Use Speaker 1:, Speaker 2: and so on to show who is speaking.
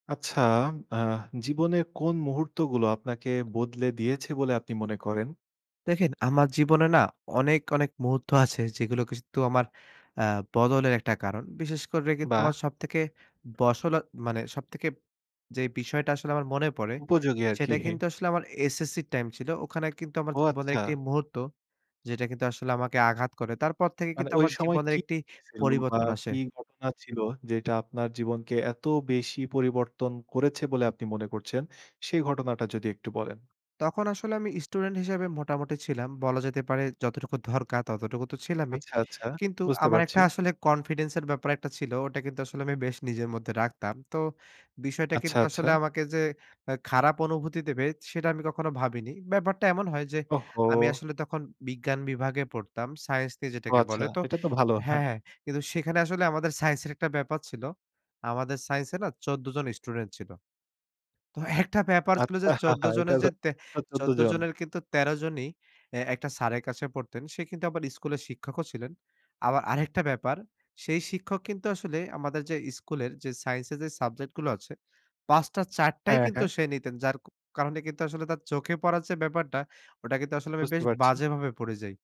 Speaker 1: আচ্ছা, আ জীবনের কোন মুহূর্ত গুলো আপনাকে বদলে দিয়েছে বলে আপনি মনে করেন?
Speaker 2: দেখেন আমার জীবনে না অনেক, অনেক মুহূর্ত আছে যেগুলো কিন্তু আমার আ বদলের একটা কারণ। বিশেষ করে কিন্তু
Speaker 1: বাহ!
Speaker 2: আমার সবথেকে বসল মানে সবথেকে যে, বিষয়টা আসলে আমার মনে পড়ে,
Speaker 1: উপযোগী আর কি।
Speaker 2: সেটা কিন্তু আসলে আমার এসএসসি র টাইম ছিল। ওখানে কিন্তু আমার
Speaker 1: ও
Speaker 2: জীবনের
Speaker 1: আচ্ছা।
Speaker 2: একটি মুহূর্ত যেটা কিন্তু আসলে আমাকে আঘাত করে। তারপর থেকে
Speaker 1: মানে
Speaker 2: কিন্তু
Speaker 1: ওই
Speaker 2: আমার
Speaker 1: সময়
Speaker 2: জীবনের
Speaker 1: কি
Speaker 2: একটি
Speaker 1: হয়েছিল? বা
Speaker 2: পরিবর্তন আসে।
Speaker 1: কি ঘটনা ছিল যেটা আপনার জীবনকে এত বেশি পরিবর্তন করেছে বলে আপনি মনে করছেন? সেই ঘটনাটা যদি একটু বলেন।
Speaker 2: তখন আসলে আমি স্টুডেন্ট হিসেবে মোটামুটি ছিলাম। বলা যেতে পারে যতটুকু দরকার ততটুকু তো ছিলামই।
Speaker 1: আচ্ছা, আচ্ছা,
Speaker 2: কিন্তু
Speaker 1: বুঝতে
Speaker 2: আমার একটা
Speaker 1: পারছি।
Speaker 2: আসলে confidence এর ব্যাপার একটা ছিল। ওটা কিন্তু আসলে আমি বেশ নিজের মধ্যে রাখতাম। তো বিষয়টা
Speaker 1: আচ্ছা,
Speaker 2: কিন্তু আসলে
Speaker 1: আচ্ছা।
Speaker 2: আমাকে যে, আ খারাপ অনুভূতি দেবে সেটা আমি কখনো ভাবিনি। ব্যাপারটা এমন হয় যে, আমি
Speaker 1: ওহো!
Speaker 2: আসলে তখন বিজ্ঞান বিভাগে পড়তাম। সাইন্স নিয়ে
Speaker 1: ও
Speaker 2: যেটাকে
Speaker 1: আচ্ছা,
Speaker 2: বলে। তো
Speaker 1: এটা তো ভালো হ্যাঁ।
Speaker 2: হ্যাঁ, হ্যাঁ। কিন্তু সেখানে আসলে আমাদের সাইন্স এর একটা ব্যাপার ছিল। আমাদের সাইন্স এ না ১৪ জন স্টুডেন্ট ছিল। তো একটা ব্যাপার ছিল
Speaker 1: আচ্ছা
Speaker 2: যে, ১৪ জনের
Speaker 1: এটাতো
Speaker 2: যে, তে
Speaker 1: টোটাল ১৪
Speaker 2: ১৪
Speaker 1: জন।
Speaker 2: জনের কিন্তু ১৩ জনই এ একটা স্যারের কাছে পড়তেন সে কিন্তু আবার স্কুলের শিক্ষকও ছিলেন। আবার আরেকটা ব্যাপার সেই শিক্ষক কিন্তু আসলে আমাদের যে, স্কুলের যে, সাইন্স এর যে, সাবজেক্ট গুলো আছে। ৫ টা ৪ টাই
Speaker 1: হ্যাঁ,
Speaker 2: কিন্তু
Speaker 1: হ্যাঁ।
Speaker 2: সে নিতেন। যার কারণে কিন্তু আসলে তার চোখে পড়ার যে, ব্যাপারটা ওটা কিন্তু আসলে আমি
Speaker 1: বুঝতে
Speaker 2: বেশ
Speaker 1: পারছি।
Speaker 2: বাজেভাবে পড়ে যাই।